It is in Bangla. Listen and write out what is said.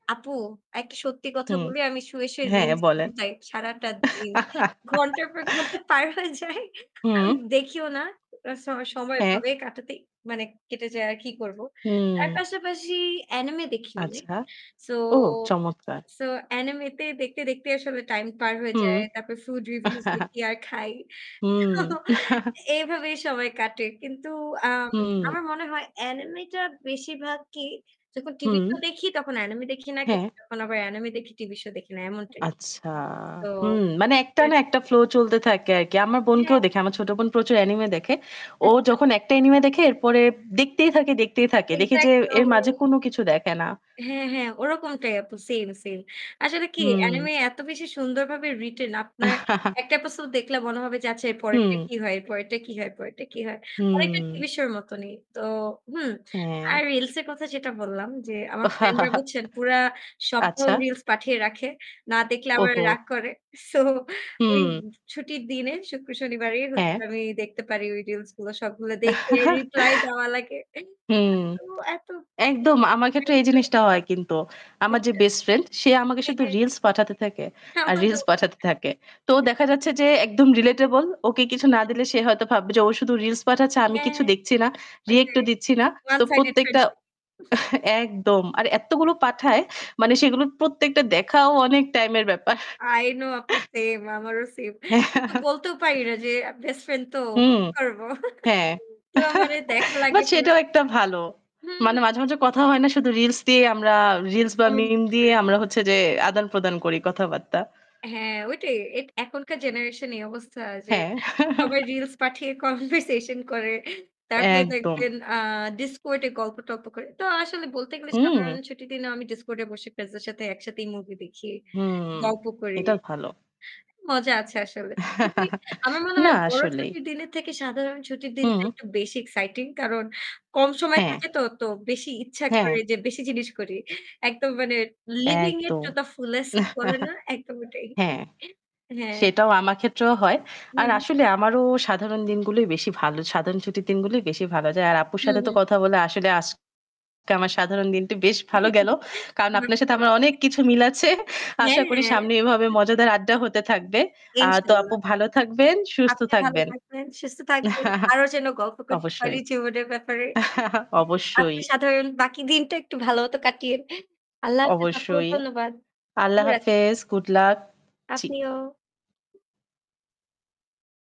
আপু, একটা সত্যি কথা হুম। বলি, আমি শুয়ে, শুয়ে হ্যাঁ reels বলেন। ঘুরাই সারাটা দিন। ঘন্টার পর ঘন্টা পার হয়ে যায়। আমি হুম। দেখিও না। [unintelligible] আমার সময় হ্যাঁ। এভাবেই কাটাতে মানে কেটে যায়, আর কি করব? হুম। তার পাশাপাশি anime দেখি অনেক। আচ্ছা। So ওহ চমৎকার! so anime তে দেখতে, দেখতে আসলে time পার হয়ে হুম। যায়। তারপর food reviews দেখি আর খাই। তো হুম। এইভাবে সময় কাটে। কিন্তু, আম হুম। আমার মনে হয় anime টা বেশিরভাগই যখন TV হুম। show দেখি তখন anime দেখি না, কিন্তু হ্যাঁ। যখন আবার anime দেখি TV show দেখি না, এমন type। আচ্ছা। So হুম। মানে একটা এর না একটা flow চলতে থাকে আর কি। আমার হ্যাঁ। বোনকেও দেখি, আমার ছোট বোন প্রচুর anime দেখে। ও আচ্ছা। যখন একটা anime দেখে এরপরে দেখতেই থাকে, দেখতেই থাকে। দেখি যে Exactly. এর মাঝে কোনো [unintelligible] কিছু দেখে না। হ্যাঁ, হ্যাঁ, ওরকমটাই আপু same, same। আসলে কি হুম। anime এত বেশি সুন্দরভাবে written, আপনার ১ টা episode দেখলে মনে হবে যে আচ্ছা এর পরেরটা হুম। কি হয়, এর পরেরটা কি হয়, পরেরটা কি হয়? অনেকটা TV হুম। show র মতনই। তো, হুম। হ্যাঁ। আর reels এর কথা যেটা বললাম যে আমার friend রা বুঝছেন, পুরা সপ্তাহ আচ্ছা। reels পাঠিয়ে রাখে। না দেখলে আমারে ওহো! রাগ করে। So, ওই হুম। ছুটির দিনে শুক্র, শনিবারই হচ্ছে হ্যাঁ। আমি দেখতে পারি ওই reels গুলো সবগুলো দেখে reply দেওয়া লাগে। এই হুম। এত একদম। এত আমার ক্ষেত্রেও এই [unintelligible] জিনিসটা হয় কিন্তু। আমার যে বুঝছেন? best friend সে আমাকে হ্যাঁ, শুধু হ্যাঁ। reels পাঠাতে থাকে, আর আমারো। reels পাঠাতে থাকে। তো দেখা যাচ্ছে যে একদম relatable। ওকে কিছু না [unintelligible] দিলে সে হয়তো ভাববে যে ও শুধু reels পাঠাচ্ছে, আমি হ্যাঁ, কিছু হ্যাঁ। দেখছি না, react-ও ওটাই দিচ্ছি না। তো 1 sided প্রত্যেকটা friendship. একদম। আর এত্তগুলো পাঠায়, মানে সেগুলোর প্রত্যেকটা দেখাও অনেক time-এর ব্যাপার। I know আপু same, আমারও same। কিন্তু বলতেও পারি না যে best friend তো, হুম। কি করব? হ্যাঁ। তো আমারে দেখা লাগে বাট পরে সেটাও একটা ভালো। মানে হুম। মাঝেমাঝে কথা হয় না, শুধু reels দিয়ে আমরা, reels বা meme communicate দিয়ে করে। আমরা হচ্ছে যে আদান-প্রদান করি কথাবার্তা। হ্যাঁ, ওইটাই। এক এখনকার generation এই অবস্থা যে হ্যাঁ। সবাই reels পাঠিয়ে conversation করে। তারপরে একদম। দেখবেন, আ Discord এ গল্প-টল্প করে। তো আসলে বলতে গেলে সাধারণ হুম। ছুটির দিনেও আমি Discord এ বসে friends এর সাথে একসাথেই movie দেখি, হুম। গল্প করি। এটা ভালো। মজা আছে আসলে। খুবই আমার মনে না হয় বড় আসলেই। ছুটির দিনের থেকে সাধারণ ছুটির দিনটা হুম। একটু বেশি exciting। কারণ কম সময় হ্যাঁ। থাকে তো, তো বেশি ইচ্ছা হ্যাঁ। করে যে বেশি জিনিস করি। একদম মানে living it একদম। to the fullest বলে না? একদম ওটাই। হ্যাঁ। হ্যাঁ। সেটাও আমার ক্ষেত্রেও হয়। হুম, আর হুম। আসলে আমারও সাধারণ দিনগুলোই বেশি ভালো। সাধারণ ছুটির দিনগুলোই বেশি ভালো যায়। আর আপুর হুম, সাথে তো হুম। কথা বলে আসলে আজ আমার সাধারণ দিনটি বেশ ভালো গেল। কারণ আপনার সাথে আমার অনেক কিছু মিল আছে [unintelligible] আশা করি হ্যাঁ। সামনে এভাবে আপনার সাথেও মজাদার আড্ডা হতে থাকবে। আর তো আপু ইনশাল্লাহ। ভালো থাকবেন, সুস্থ আপনি ভালো থাকবেন। থাকবেন, সুস্থ থাকবেন। আরও যেন গল্প করতে পারি অবশ্যই। জীবনের ব্যাপারে। [unintelligible] অবশ্যই। আপনার সাধারণ বাকি দিনটা একটু ভালো হতো কাটিয়ে। আল্লাহ হাফেজ আপু অবশ্যই। ধন্যবাদ। শুভ আল্লাহ রাত হাফেজ। Good luck. জি। আপনিও।